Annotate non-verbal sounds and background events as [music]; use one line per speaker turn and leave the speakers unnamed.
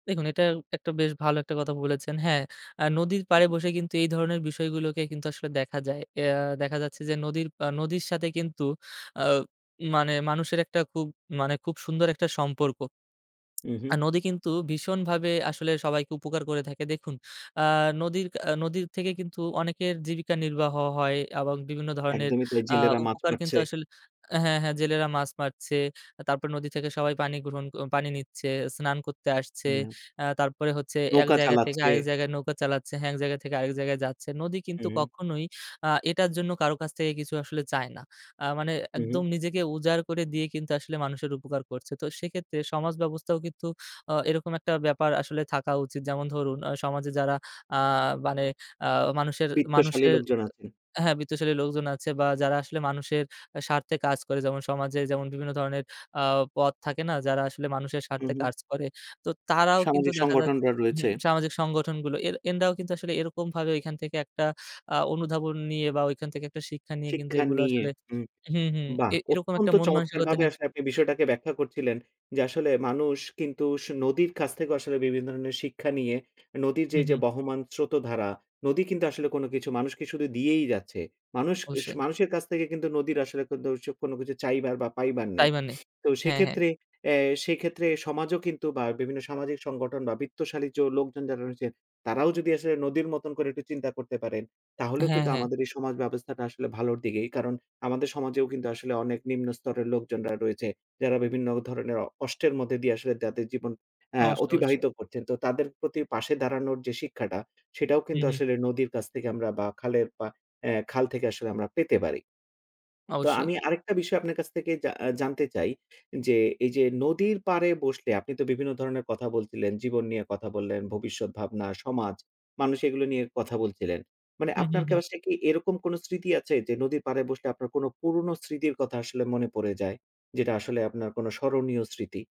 দেখুন, এটা একটা বেশ ভালো একটা কথা বলেছেন। হ্যাঁ, আ নদীর
হু,
পাড়ে
হু।
বসে কিন্তু এই ধরনের বিষয়গুলোকে কিন্তু আসলে দেখা যায়। এয়া দেখা যাচ্ছে যে নদীর পা নদীর সাথে কিন্তু আ মানে মানুষের একটা খুব মানে খুব সুন্দর একটা সম্পর্ক। [smacks lips]
উ, হুম।
আর নদী কিন্তু ভীষণভাবে আসলে সবাইকে উপকার করে থাকে। দেখুন আ নদীর ক্যা নদীর থেকে কিন্তু অনেকের জীবিকা নির্বাহ হয়। এবং বিভিন্ন ধরনের
একদমই তাই
আ
জেলেরা মাছ
উপকার
মারছে।
কিন্তু আসল হ্যাঁ, হ্যাঁ, জেলেরা মাছ মারছে, তারপরে নদী থেকে সবাই পানি গ্রহণ পানি নিচ্ছে, স্নান করতে আসছে,
হুম।
আ তারপরে হচ্ছে এক
নৌকা
জায়গা থেকে
চালাচ্ছে।
আরেক জায়গায় নৌকা চালাচ্ছে, হ্যাঁ, এক জায়গা থেকে আরেক জায়গায় যাচ্ছে। নদী কিন্তু
হু।
কখনোই আ এটার জন্য কারো কাছ থেকে কিছু আসলে চায় না। আ মানে
হুম।
একদম নিজেকে উজাড় করে দিয়ে কিন্তু আসলে মানুষের উপকার করছে। তো সেক্ষেত্রে সমাজ ব্যবস্থাও কিন্তু অ এরকম একটা ব্যাপার আসলে থাকা উচিত যেমন ধরুন অ সমাজে যারা আ মানে আ মানুষের,
বিত্তশালী
মানুষের
লোকজন আছেন।
হ্যাঁ বিত্তশালী লোকজন আছে, বা যারা আসলে মানুষের স্বার্থে কাজ করে। যেমন সমাজে যেমন বিভিন্ন ধরনের আ পথ থাকে না? যারা আসলে মানুষের
হু,
স্বার্থে
হু।
কাজ করে তো তারাও কিন্তু
সামাজিক
দেখা যাচ্ছে
সংগঠনরা রয়েছে।
হুম সামাজিক সংগঠনগুলো এর এনদাও কিন্তু আসলে এরকমভাবে ওইখান থেকে একটা আ অনুধাবন নিয়ে বা ওইখান থেকে একটা শিক্ষা নিয়ে কিন্তু
শিক্ষা
এগুলো
নিয়ে
আসলে
হুম,
হুম, হুম,
বাহ
এ এরকম
অত্যন্ত
একটা মন মানসিকতা
চমৎকারভাবে
নিয়ে
আপনি বিষয়টাকে ব্যাখ্যা করছিলে। যে আসলে মানুষ কিন্তু সু নদীর কাছ থেকে আসলে বিভিন্ন ধরনের শিক্ষা নিয়ে, নদীর যে
হুম,
যে
হুম।
বহমান স্রোত ধারা, নদী কিন্তু আসলে কোন কিছু মানুষকে শুধু দিয়েই যাচ্ছে। মানুষ উস
অবশ্যই।
মানুষের কাছ থেকে কিন্তু নদীর আসলে কোনতোসু কোন কিছু চাইবার বা পাইবার নেই।
তাই মানে।
তো
হ্যাঁ, হ্যাঁ।
সেক্ষেত্রে এ্যা সেক্ষেত্রে সমাজও কিন্তু বা বিভিন্ন সামাজিক সংগঠন বা বিত্তশালী যো লোকজন যারা রয়েছেন। তারাও যদি আসলে নদীর মতন করে একটু চিন্তা করতে পারেন, তাহলেও
হ্যাঁ,
কিন্তু
হ্যাঁ
আমাদের এই সমাজ ব্যবস্থাটা আসলে ভালোর দিকেই। কারণ, আমাদের সমাজেও কিন্তু আসলে অনেক নিম্ন স্তরের লোকজনরা রয়েছে। যারা বিভিন্ন ধরনের কষ্টের মধ্যে দিয়ে আসলে তাদের জীবন আ
অবশ্যই, অবশ্যই।
অতিবাহিত করছেন। তো তাদের প্রতি পাশে দাঁড়ানোর যে শিক্ষাটা, সেটাও
হু,
কিন্তু
হু।
আসলে নদীর কাছ থেকে আমরা বা খালের পা খাল থেকে আসলে আমরা পেতে পারি। তো
অবশ্যই।
আমি আরেকটা বিষয় আপনার কাছ থেকে জা আ জানতে চাই। যে, এই যে নদীর পাড়ে বসলে আপনি তো বিভিন্ন ধরনের কথা বলছিলেন, জীবন নিয়ে কথা বললেন, ভবিষ্যৎ ভাবনা, সমাজ, মানুষ এগুলো নিয়ে কথা বলছিলেন। মানে
হুম, হুম,
আপনার
হুম।
কি এরকম কোন স্মৃতি আছে যে, নদীর পাড়ে বসলে আপনার কোনো পুরোনো স্মৃতির কথা আসলে মনে পড়ে যায়? যেটা আসলে আপনার কোন স্মরণীয় স্মৃতি।